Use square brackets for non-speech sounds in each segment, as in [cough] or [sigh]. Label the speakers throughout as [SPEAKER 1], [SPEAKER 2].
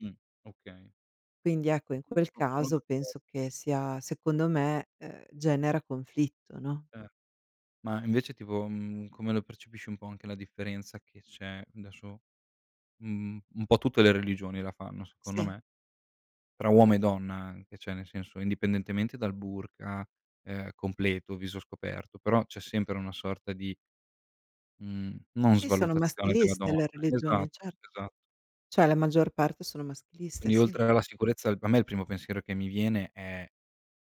[SPEAKER 1] Mh, okay.
[SPEAKER 2] Quindi ecco in quel
[SPEAKER 1] No, sono
[SPEAKER 2] caso
[SPEAKER 1] d'accor
[SPEAKER 2] penso che sia secondo me ehm, genera conflitto, no.
[SPEAKER 1] Eh. Ma invece tipo, mhmm, come lo percepisci un po' anche la differenza che c'è adesso mh mhmm, un po' tutte le religioni la fanno secondo
[SPEAKER 2] Sì.
[SPEAKER 1] me. Tra uomo e donna anche, cioè nel senso indipendentemente dal burqa, ehm, completo, viso scoperto, però c'è sempre una sorta di mhmm, non
[SPEAKER 2] Sì, sono
[SPEAKER 1] svalutazione della
[SPEAKER 2] maschiliste
[SPEAKER 1] donna.
[SPEAKER 2] le
[SPEAKER 1] Esa
[SPEAKER 2] religioni, cer
[SPEAKER 1] esa
[SPEAKER 2] cioè la maggior parte sono maschiliste,
[SPEAKER 1] Quindi
[SPEAKER 2] sì.
[SPEAKER 1] oltre alla sicurezza per me il primo pensiero che mi viene è,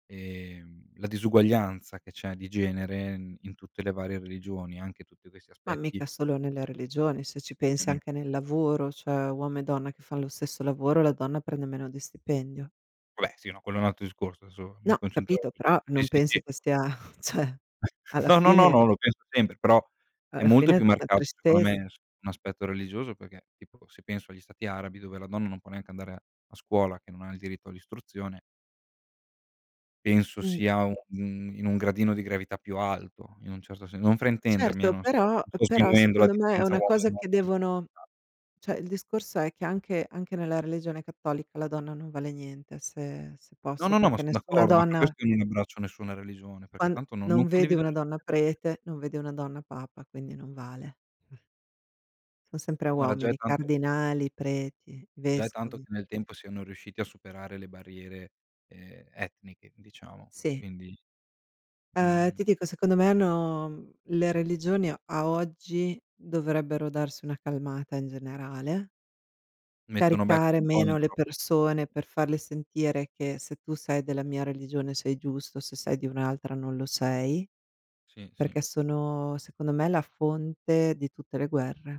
[SPEAKER 1] ehm, la disuguaglianza che c'è di genere in in tutte le varie religioni, anche tutti questi
[SPEAKER 2] Ma
[SPEAKER 1] aspetti
[SPEAKER 2] mica solo nelle religioni, se ci pensi
[SPEAKER 1] [unintelligible]
[SPEAKER 2] anche nel lavoro, cioè, uomo e donna che fan lo stesso lavoro, la donna prende meno di stipendio.
[SPEAKER 1] Va beh sì no, quello è un altro discorso adesso
[SPEAKER 2] No,
[SPEAKER 1] mi
[SPEAKER 2] ho
[SPEAKER 1] concentravo
[SPEAKER 2] capito,
[SPEAKER 1] su
[SPEAKER 2] però
[SPEAKER 1] sì,
[SPEAKER 2] non
[SPEAKER 1] sì, sì.
[SPEAKER 2] pensi che sia [chuckles] cioè,
[SPEAKER 1] [chuckles]
[SPEAKER 2] alla
[SPEAKER 1] No, no, no,
[SPEAKER 2] fine
[SPEAKER 1] no, lo penso sempre però è
[SPEAKER 2] alla
[SPEAKER 1] molto
[SPEAKER 2] fine
[SPEAKER 1] più
[SPEAKER 2] la
[SPEAKER 1] marcato secondo
[SPEAKER 2] tristezza.
[SPEAKER 1] me as un aspetto religioso perché tipo se penso agli stati arabi dove la donna non può neanche andare a a scuola che non ha il diritto all'istruzione penso
[SPEAKER 2] Mh,
[SPEAKER 1] sia
[SPEAKER 2] mh.
[SPEAKER 1] un in un gradino di gravità più alto in un certo sen non fraintendermi, eh,
[SPEAKER 2] Certo,
[SPEAKER 1] non sto
[SPEAKER 2] però
[SPEAKER 1] non sto
[SPEAKER 2] però
[SPEAKER 1] sminuendo la
[SPEAKER 2] secondo me è
[SPEAKER 1] differenza
[SPEAKER 2] una
[SPEAKER 1] uomo e
[SPEAKER 2] cosa
[SPEAKER 1] donna
[SPEAKER 2] che
[SPEAKER 1] nella
[SPEAKER 2] devono
[SPEAKER 1] società.
[SPEAKER 2] cioè il discorso è che anche anche nella religione cattolica la donna non vale niente, se se
[SPEAKER 1] No,
[SPEAKER 2] posso,
[SPEAKER 1] no, no, ma
[SPEAKER 2] perché
[SPEAKER 1] son
[SPEAKER 2] nessuna
[SPEAKER 1] d'accordo, ma per
[SPEAKER 2] donna
[SPEAKER 1] questo io non abbraccio nessuna religione, perché
[SPEAKER 2] quando
[SPEAKER 1] tanto non
[SPEAKER 2] non
[SPEAKER 1] non
[SPEAKER 2] vedi
[SPEAKER 1] condivido
[SPEAKER 2] una
[SPEAKER 1] niente
[SPEAKER 2] donna
[SPEAKER 1] [unintelligible]
[SPEAKER 2] prete, non vedi una donna Papa, quindi non vale. Son sempre
[SPEAKER 1] Guarda già è
[SPEAKER 2] uomini,
[SPEAKER 1] tanto
[SPEAKER 2] cardinali, preti,
[SPEAKER 1] gia è tanto
[SPEAKER 2] vescovi.
[SPEAKER 1] che nel tempo siano riusciti a superare le barriere, ehm, etniche diciamo,
[SPEAKER 2] Sì.
[SPEAKER 1] quindi
[SPEAKER 2] Ehm,
[SPEAKER 1] Mh.
[SPEAKER 2] ti dico, secondo me hanno mhmm, le religioni a a oggi dovrebbero darsi una calmata in generale
[SPEAKER 1] Mettono becco
[SPEAKER 2] caricare
[SPEAKER 1] un po' in
[SPEAKER 2] meno le
[SPEAKER 1] troppe
[SPEAKER 2] persone per farle sentire che se tu sei della mia religione sei giusto, se sei di un'altra non lo sei,
[SPEAKER 1] Sì, sì.
[SPEAKER 2] perché sono secondo me la fonte di tutte le guerre.